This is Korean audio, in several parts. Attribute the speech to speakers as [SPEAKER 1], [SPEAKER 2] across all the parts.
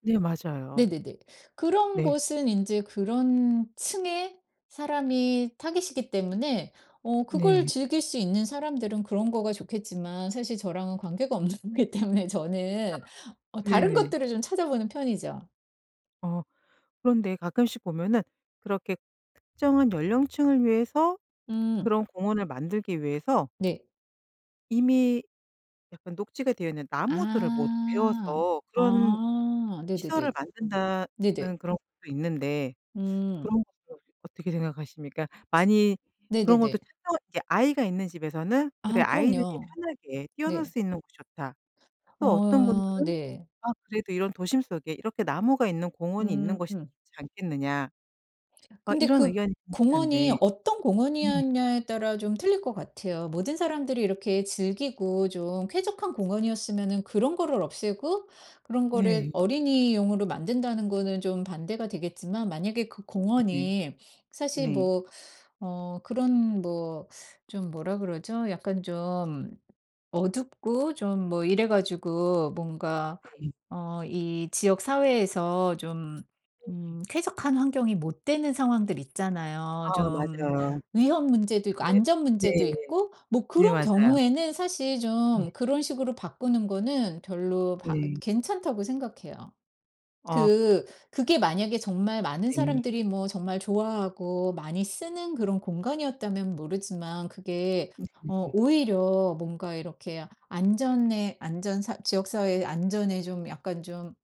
[SPEAKER 1] 네. 맞아요.
[SPEAKER 2] 네네네. 그런
[SPEAKER 1] 네.
[SPEAKER 2] 곳은 인제 그런 층의 사람이 타깃이기 때문에 어 그걸
[SPEAKER 1] 네.
[SPEAKER 2] 즐길 수 있는 사람들은 그런 거가 좋겠지만 사실 저랑은 관계가 없는 기 때문에
[SPEAKER 1] 아.
[SPEAKER 2] 저는 어 다른
[SPEAKER 1] 네네.
[SPEAKER 2] 것들을 좀 찾아보는 편이죠.
[SPEAKER 1] 어. 그런데 가끔씩 보면은 그렇게 특정한 연령층을 위해서
[SPEAKER 2] 음.
[SPEAKER 1] 그런 공원을 만들기 위해서
[SPEAKER 2] 네.
[SPEAKER 1] 이미 약간 녹지가 되어 있는 나무들을 모두
[SPEAKER 2] 아.
[SPEAKER 1] 베어서 그런
[SPEAKER 2] 아.
[SPEAKER 1] 시설을
[SPEAKER 2] 네네네. 네네.
[SPEAKER 1] 만든다는 그런 것도 있는데
[SPEAKER 2] 음.
[SPEAKER 1] 그런 것도 어떻게 생각하십니까?
[SPEAKER 2] 츠
[SPEAKER 1] 많이 그런 것도
[SPEAKER 2] 네네네.
[SPEAKER 1] 특정한 이제 아이가 있는 집에서는 "그래
[SPEAKER 2] 아
[SPEAKER 1] 아이들이
[SPEAKER 2] 그럼요.
[SPEAKER 1] 편하게 뛰어놀
[SPEAKER 2] 네.
[SPEAKER 1] 수 있는 곳이 좋다." 또 어떤
[SPEAKER 2] 어
[SPEAKER 1] 분들은
[SPEAKER 2] 네.
[SPEAKER 1] "아 그래도 이런 도심 속에 이렇게 나무가 있는 공원이 있는
[SPEAKER 2] 음.
[SPEAKER 1] 것이 좋지 않겠느냐." 어
[SPEAKER 2] 근데
[SPEAKER 1] 이런
[SPEAKER 2] 그
[SPEAKER 1] 의견이
[SPEAKER 2] 공원이
[SPEAKER 1] 분분한데
[SPEAKER 2] 어떤
[SPEAKER 1] 네.
[SPEAKER 2] 공원이었냐에 따라 좀 틀릴 것 같아요. 모든 사람들이 이렇게 즐기고 좀 쾌적한 공원이었으면은 그런 거를 없애고 그런 거를
[SPEAKER 1] 네.
[SPEAKER 2] 어린이용으로 만든다는 거는 좀 반대가 되겠지만 만약에 그
[SPEAKER 1] 네네.
[SPEAKER 2] 공원이 사실
[SPEAKER 1] 네.
[SPEAKER 2] 뭐 어 그런 뭐 좀 뭐라 그러죠 약간 좀 어둡고 좀 뭐 이래 가지고 뭔가
[SPEAKER 1] 네.
[SPEAKER 2] 어 이 지역 사회에서 좀
[SPEAKER 1] 네.
[SPEAKER 2] 음 쾌적한 환경이 못 되는 상황들 있잖아요.
[SPEAKER 1] 아
[SPEAKER 2] 좀
[SPEAKER 1] 맞아요.
[SPEAKER 2] 위험 문제도 있고
[SPEAKER 1] 네
[SPEAKER 2] 안전
[SPEAKER 1] 네.
[SPEAKER 2] 문제도 있고 뭐
[SPEAKER 1] 네
[SPEAKER 2] 그런
[SPEAKER 1] 맞아요.
[SPEAKER 2] 경우에는 사실
[SPEAKER 1] 네.
[SPEAKER 2] 좀 그런 식으로 바꾸는 거는 별로 바
[SPEAKER 1] 네.
[SPEAKER 2] 괜찮다고 생각해요.
[SPEAKER 1] 어.
[SPEAKER 2] 그 그게 만약에 정말 많은
[SPEAKER 1] 네.
[SPEAKER 2] 사람들이 뭐 정말 좋아하고 많이 쓰는 그런 공간이었다면 모르지만 그게 어
[SPEAKER 1] 네네네.
[SPEAKER 2] 오히려 뭔가 이렇게 안전에 안전 사 지역 사회의 안전에 좀 약간 좀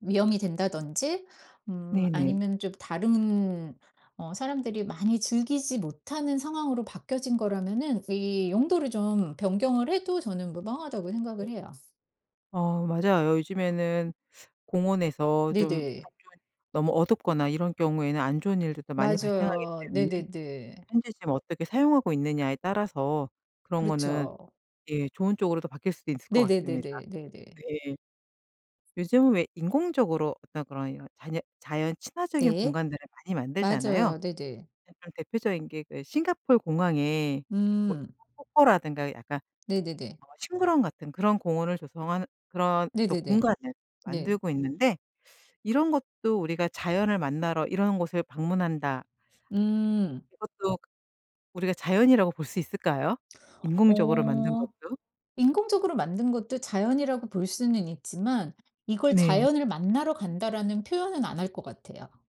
[SPEAKER 2] 위험이 된다든지 음
[SPEAKER 1] 네네.
[SPEAKER 2] 아니면 좀 다른 어 사람들이 많이 즐기지 못하는 상황으로 바뀌어진 거라면은 이 용도를 좀 변경을 해도 저는 무방하다고 생각을 해요.
[SPEAKER 1] 어 맞아요. 요즘에는 공원에서 좀
[SPEAKER 2] 네네.
[SPEAKER 1] [unintelligible] 너무 어둡거나 이런 경우에는 안 좋은 일들도 많이 발생하기
[SPEAKER 2] 맞아요.
[SPEAKER 1] 때문에
[SPEAKER 2] 네네네.
[SPEAKER 1] 현재 지금 어떻게 사용하고 있느냐에 따라서 그런 거는
[SPEAKER 2] 그렇죠.
[SPEAKER 1] 예 좋은 쪽으로도 바뀔 수 있을 것 같습니다.
[SPEAKER 2] 네네네네 네네.
[SPEAKER 1] 네. 요즘은 왜 인공적으로 어떤 그런 이런 자녀 자연 친화적인
[SPEAKER 2] 네.
[SPEAKER 1] 공간들을 많이 만들잖아요.
[SPEAKER 2] 맞아요. 네네.
[SPEAKER 1] 네 좀 대표적인 게 그 싱가폴 공항에 뭐
[SPEAKER 2] 음.
[SPEAKER 1] 인공 폭포라든가 약간
[SPEAKER 2] 네네네.
[SPEAKER 1] 어 식물원 같은 그런 공원을 조성하는 그런 또
[SPEAKER 2] 네네네.
[SPEAKER 1] 공간을
[SPEAKER 2] 네.
[SPEAKER 1] 만들고 있는데 이런 것도 우리가 자연을 만나러 이런 곳을 방문한다
[SPEAKER 2] 음.
[SPEAKER 1] 이것도 우리가 자연이라고 볼 수 있을까요? 인공적으로 만든
[SPEAKER 2] 어.
[SPEAKER 1] 것도?
[SPEAKER 2] 인공적으로 만든 것도 자연이라고 볼 수는 있지만 이걸
[SPEAKER 1] 네.
[SPEAKER 2] "자연을 만나러 간다."라는 표현은 안 할 것 같아요.